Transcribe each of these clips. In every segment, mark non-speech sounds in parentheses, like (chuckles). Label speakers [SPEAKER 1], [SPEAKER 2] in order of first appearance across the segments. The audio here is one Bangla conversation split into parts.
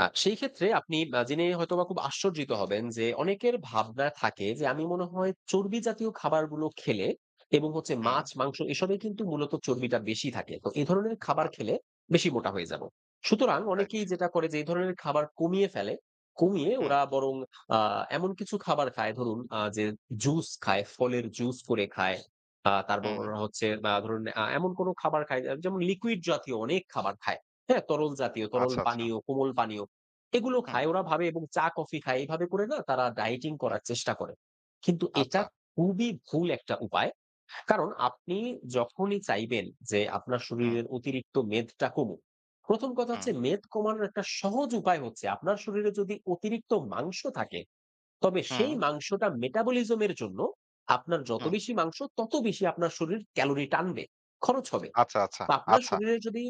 [SPEAKER 1] আ সেই ক্ষেত্রে আপনি বা জেনে হয়তোবা খুব আশ্চর্যিত হবেন। যে অনেকের ভাবনা থাকে যে আমি মনে হয় চর্বিজাতীয় খাবারগুলো খেলে, এবং হচ্ছে
[SPEAKER 2] হুম।
[SPEAKER 1] মাছ, মাংস এসবেই কিন্তু মূলত চর্বিটা বেশি থাকে। তো এ ধরনের খাবার
[SPEAKER 2] আ
[SPEAKER 1] খেলে বেশি মোটা হয়ে যাবো। সুতরাং
[SPEAKER 2] রাইট।
[SPEAKER 1] অনেকেই যেটা করে যে এই ধরনের খাবার কমিয়ে ফেলে। কমিয়ে
[SPEAKER 2] হুম।
[SPEAKER 1] ওরা বরং আ এমন কিছু খাবার খায়। ধরুন, আ যে জুস খায়, ফলের জুস করে খায়। আ তারপর
[SPEAKER 2] হুম।
[SPEAKER 1] ওরা হচ্ছে আ ধরুন, আ এমন কোনো খাবার খায় এ যেমন লিকুইড জাতীয় অনেক খাবার খায়, হ্যাঁ? তরলজাতীয়, তরল
[SPEAKER 2] আচ্ছা, আচ্ছা।
[SPEAKER 1] পানীয়, কোমল পানীয় এগুলো
[SPEAKER 2] হুম।
[SPEAKER 1] খায়। ওরা ভাবে এবং চা কফি খায়। এভাবে করে না তারা dieting
[SPEAKER 2] হুম।
[SPEAKER 1] করার চেষ্টা করে। কিন্তু এটা
[SPEAKER 2] আচ্ছা।
[SPEAKER 1] খুবই ভুল ১ টা উপায়। কারণ আপনি যখনই চাইবেন যে আপনার
[SPEAKER 2] হুম।
[SPEAKER 1] শরীরের অতিরিক্ত মেদটা কমুক, ১ম কথা হচ্ছে
[SPEAKER 2] হুম।
[SPEAKER 1] মেদ কমানোর একটা সহজ উপায় হচ্ছে, আপনার শরীরে যদি অতিরিক্ত মাংস থাকে, তবে সেই
[SPEAKER 2] হুম।
[SPEAKER 1] মাংসটা metabolism এর জন্য আপনার যত
[SPEAKER 2] হুম।
[SPEAKER 1] বেশি মাংস, তত বেশি আপনার শরীর ক্যালোরি টানবে, খরচ হবে।
[SPEAKER 2] আচ্ছা, আচ্ছা,
[SPEAKER 1] তো আপনার
[SPEAKER 2] আচ্ছা।
[SPEAKER 1] শরীরে যদি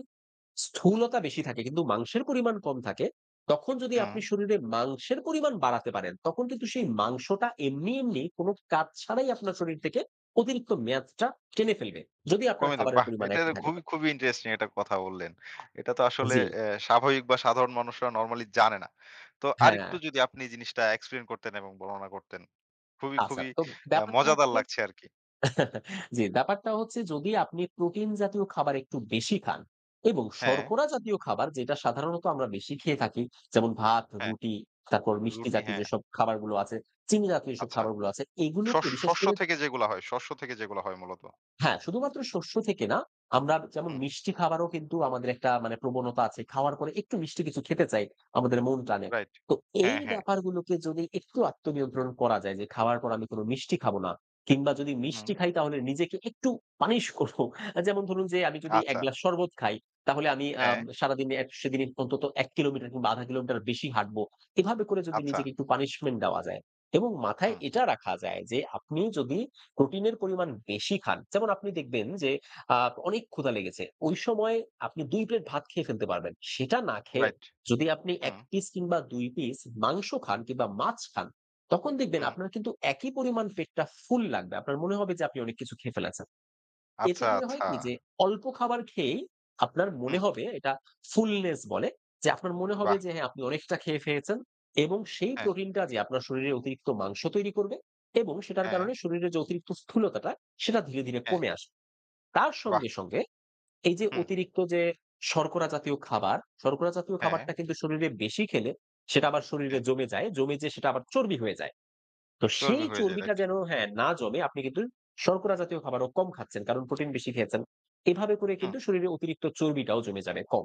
[SPEAKER 1] স্থূলতা বেশি থাকে কিন্তু মাংসের পরিমাণ কম থাকে, তখন যদি আপনি
[SPEAKER 2] হুম।
[SPEAKER 1] শরীরে মাংসের পরিমাণ বাড়াতে পারেন, তখন কিন্তু সেই মাংসটা এমনি, এমনি, কোনো কাজ ছাড়াই আপনার শরীর থেকে অতিরিক্ত মেয়াদটা টেনে ফেলবে। যদি আপনার
[SPEAKER 2] কমে দেব
[SPEAKER 1] খাবারের
[SPEAKER 2] বাহ!
[SPEAKER 1] পরিমাণ
[SPEAKER 2] এইটা
[SPEAKER 1] একই থাকে তো।
[SPEAKER 2] খুবই, খুবই ইন্টারেস্টিং একটা কথা বললেন। এটা তো আসলে
[SPEAKER 1] জি।
[SPEAKER 2] অ্যা স্বাভাবিক বা সাধারণ মানুষরা নরমালি জানে না। তো
[SPEAKER 1] হ্যাঁ।
[SPEAKER 2] আরেকটু যদি আপনি জিনিসটা explain করতেন এবং বর্ণনা করতেন। খুবই,
[SPEAKER 1] আচ্ছা,
[SPEAKER 2] খুবই
[SPEAKER 1] তো
[SPEAKER 2] আ
[SPEAKER 1] ব্যাপারটা
[SPEAKER 2] মজাদার
[SPEAKER 1] হচ্ছে
[SPEAKER 2] লাগছে আরকি।
[SPEAKER 1] (chuckles) জি, ব্যাপারটা হচ্ছে যদি আপনি প্রোটিনজাতীয় খাবার একটু বেশি খান এবং
[SPEAKER 2] হ্যাঁ।
[SPEAKER 1] শর্করাজাতীয় খাবার যেটা সাধারণত আমরা বেশি খেয়ে থাকি, যেমন ভাত,
[SPEAKER 2] হ্যাঁ,
[SPEAKER 1] রুটি, তারপর
[SPEAKER 2] রুটি
[SPEAKER 1] মিষ্টিজাতীয়
[SPEAKER 2] হ্যাঁ।
[SPEAKER 1] যেসব খাবারগুলো আছে, চিনিজাতীয় যেসব
[SPEAKER 2] আচ্ছা,
[SPEAKER 1] খাবারগুলো আছে, এগুলোকে
[SPEAKER 2] শস
[SPEAKER 1] বিশেষ
[SPEAKER 2] শস্য
[SPEAKER 1] করে
[SPEAKER 2] থেকে যেগুলা হয় শস্য থেকে যেগুলা হয় মূলত।
[SPEAKER 1] হ্যাঁ, শুধুমাত্র শস্য থেকে না। আমরা যেমন
[SPEAKER 2] হু।
[SPEAKER 1] মিষ্টি খাবারও কিন্তু আমাদের একটা মানে প্রবণতা আছে। খাওয়ার পরে একটু মিষ্টি কিছু খেতে চাই, আমাদের মন টানে।
[SPEAKER 2] রাইট
[SPEAKER 1] তো এই
[SPEAKER 2] হ্যাঁ, হ্যাঁ।
[SPEAKER 1] ব্যাপারগুলোকে যদি একটু আত্মনিয়ন্ত্রণ করা যায় যে খাওয়ার পর আমি কোনো মিষ্টি খাবো না। কিংবা যদি
[SPEAKER 2] হুম।
[SPEAKER 1] মিষ্টি খাই, তাহলে নিজেকে একটু পানিশ করব। অ্যা যেমন ধরুন যে আমি যদি ১
[SPEAKER 2] আচ্ছা।
[SPEAKER 1] গ্লাস শরবত খাই, তাহলে আমি আ
[SPEAKER 2] হ্যাঁ।
[SPEAKER 1] সারাদিনে, অ্যা সেদিনই অন্তত ১ কিলোমিটার কিংবা ১/৫ কিলোমিটার বেশি হাঁটব। এভাবে করে যদি
[SPEAKER 2] আচ্ছা।
[SPEAKER 1] নিজেকে একটু পানিশমেন্ট দেওয়া যায়, এবং মাথায়
[SPEAKER 2] হুম।
[SPEAKER 1] এটা রাখা যায় যে আপনি যদি প্রোটিনের পরিমাণ বেশি খান। যেমন আপনি দেখবেন যে আ অনেক ক্ষুধা লেগেছে। ওই সময় আপনি ২ প্লেট ভাত খেয়ে ফেলতে পারবেন। সেটা না খেয়ে
[SPEAKER 2] রাইট,
[SPEAKER 1] যদি আপনি ১
[SPEAKER 2] হুম।
[SPEAKER 1] পিস কিংবা ২ পিস মাংস খান কিংবা মাছ খান, তখন দেখবেন
[SPEAKER 2] হুম।
[SPEAKER 1] আপনার কিন্তু একই পরিমাণ পেটটা ফুল লাগবে। আপনার মনে হবে যে আপনি অনেক কিছু খেয়ে ফেলেছেন। এতে
[SPEAKER 2] আচ্ছা,
[SPEAKER 1] করে হয় কি? যে
[SPEAKER 2] আচ্ছা।
[SPEAKER 1] অল্প খাবার খেয়েই আপনার মনে
[SPEAKER 2] হুম।
[SPEAKER 1] হবে এটা fullness বলে। যে আপনার মনে হবে
[SPEAKER 2] বাহ!
[SPEAKER 1] যে হ্যাঁ আপনি অনেকটা খেয়ে ফেলেছেন। এবং সেই
[SPEAKER 2] হ্যাঁ।
[SPEAKER 1] প্রোটিনটা যেয়ে আপনার শরীরে অতিরিক্ত মাংস তৈরি করবে, এবং সেটার কারণে
[SPEAKER 2] হ্যাঁ।
[SPEAKER 1] শরীরের যে অতিরিক্ত স্থূলতাটা, সেটা ধীরে, ধীরে
[SPEAKER 2] হ্যাঁ।
[SPEAKER 1] কমে আসবে। তার
[SPEAKER 2] বাহ!
[SPEAKER 1] সঙ্গে, সঙ্গে এই যে
[SPEAKER 2] হু।
[SPEAKER 1] অতিরিক্ত যে শর্করাজাতীয় খাবার শর্করাজাতীয়
[SPEAKER 2] হ্যাঁ।
[SPEAKER 1] খাবারটা কিন্তু শরীরে বেশি খেলে, সেটা আবার শরীরে
[SPEAKER 2] হ্যাঁ।
[SPEAKER 1] জমে যায়। জমে যেয়ে সেটা আবার চর্বি হয়ে যায়। তো
[SPEAKER 2] চর্বি
[SPEAKER 1] সেই
[SPEAKER 2] হয়ে যায়
[SPEAKER 1] চর্বিটা
[SPEAKER 2] রাইট।
[SPEAKER 1] যেন হ্যাঁ, না জমে, আপনি কিন্তু শর্করাজাতীয় খাবারও কম খাচ্ছেন, কারণ প্রোটিন বেশি খেয়েছেন। এভাবে করে
[SPEAKER 2] হুম।
[SPEAKER 1] কিন্তু শরীরে অতিরিক্ত চর্বিটাও জমে যাবে কম।